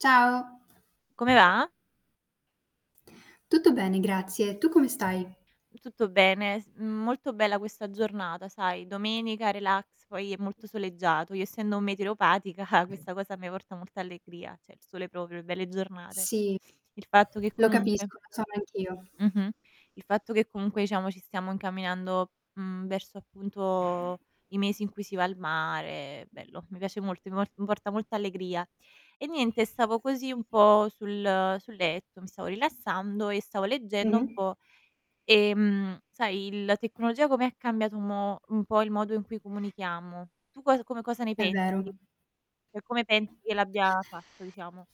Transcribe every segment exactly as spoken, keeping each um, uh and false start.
Ciao. Come va? Tutto bene, grazie. Tu come stai? Tutto bene. S mhmm, molto bella questa giornata, sai, domenica, relax, poi è molto soleggiato. Io essendo meteoropatica questa cosa a me porta molta allegria, ceh il sole proprio, belle giornate. Sì, Il fatto che lo comunque capisco, lo sono anch'io. Mh-mh. Il fatto che comunque, ciamo, ci stiamo incamminando, mhmm, verso appunto i mesi in cui si va al mare. Bello, mi piace molto, mi po mi porta molta allegria. E niente, stavo così un po' sul sul letto, mi stavo rilassando e stavo leggendo un Mh-mh. po', ehm, sai, la tecnologia come ha cambiato un mo un po' il modo in cui comunichiamo. Tu cos com cosa ne È pensi? vero. ceh, come pensi che l'abbia fatto, diciamo?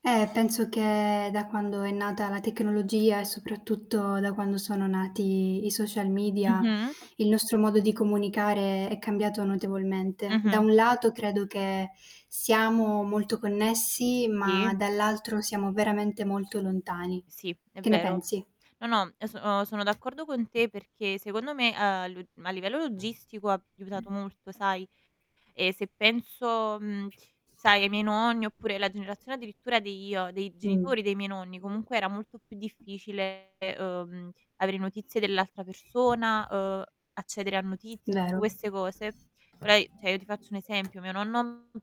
Eh, penso che da quando è nata la tecnologia e soprattutto da quando sono nati i social media, Mh-mh. il nostro modo di comunicare è cambiato notevolmente. Da Mh-mh. un lato credo che siamo molto connessi, ma Sì. dall'altro siamo veramente molto lontani. Sì, è Che ne vero. pensi? No, no, e so o sono d'accordo con te perché secondo me, uhm, a lu a livello logistico ha iutato molto, sai. E se penso, mhmm, sai, ai miei nonni oppure la generazione addirittura dei ia dei Mh. genitori dei miei nonni, comunque era molto più difficile, uhm, avere notizie dell'altra persona, uhm, accedere a notizie, tutte Vero. queste cose. Ora i ceh io ti faccio un esempio: mio nonno m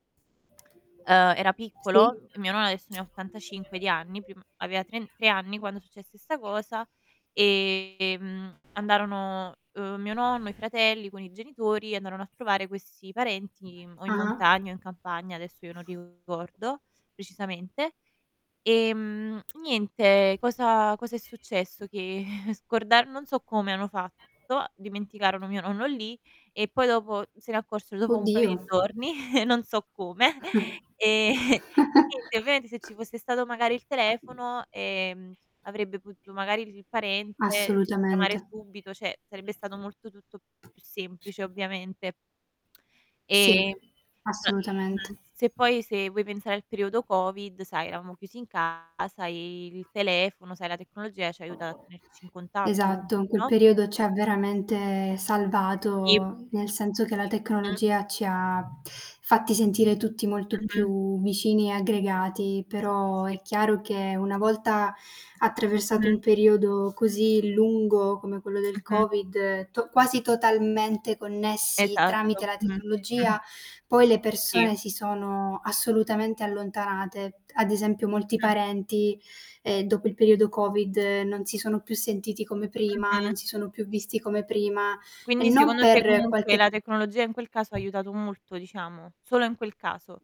ehm, era Sì. piccolo, mio no adesso ne ha ottantacinque di anni, prim aveva tren tre anni quando successe sta cosa, ehm, andarono, uhm, mio nonno, i fratelli con i genitori, andarono a trovare questi parenti o in Ah-ah. montagna o in campagna, adesso io non ricordo precisamente. Ehm, niente, cosa cosa è successo? Che scordan non so come hanno fatto, dimenticarono mio nonno lì e poi dopo se ne accorsero dopo un paio Oddio. di giorni, non so come. Ehm, e niente, ovviamente se ci fosse stato magari il telefono, ehm, avrebbe potuto magari dici il parente chiamare Assolutamente. subito, ceh, sarebbe stato molto tutto più semplice, ovviamente. Eh, Sì, ma assolutamente. mh-mh, se poi se vuoi pensare al periodo Covid, sai, eravamo chiusi in casa e il telefono, sai, la tecnologia ci ha aiutat a tenerci in contatto Esatto, comunque, quel no? periodo c'ha veramente Sì. salvato, nel senso che la Mh. tecnologia ci ha fatti sentire tutti molto Mh-mh. più vicini e aggregati. Sì, Però sì, sì. è chiaro che una volta attraversato un Mh-mh. periodo così lungo come quello del Mh-mh. Covid, to quasi totalmente connessi tramite Esatto. la tecnologia, poi le Sì. persone si sono assolutamente allontanate. Ad esempio molti Mh. parenti, ehm, dopo il periodo Covid non si sono più sentiti come prima, non Mh-mh. si sono più visti come prima, e Quindi non secondo te per comunque qualche la tecnologia in quel caso ha aiutato molto, diciamo. Solo in quel caso.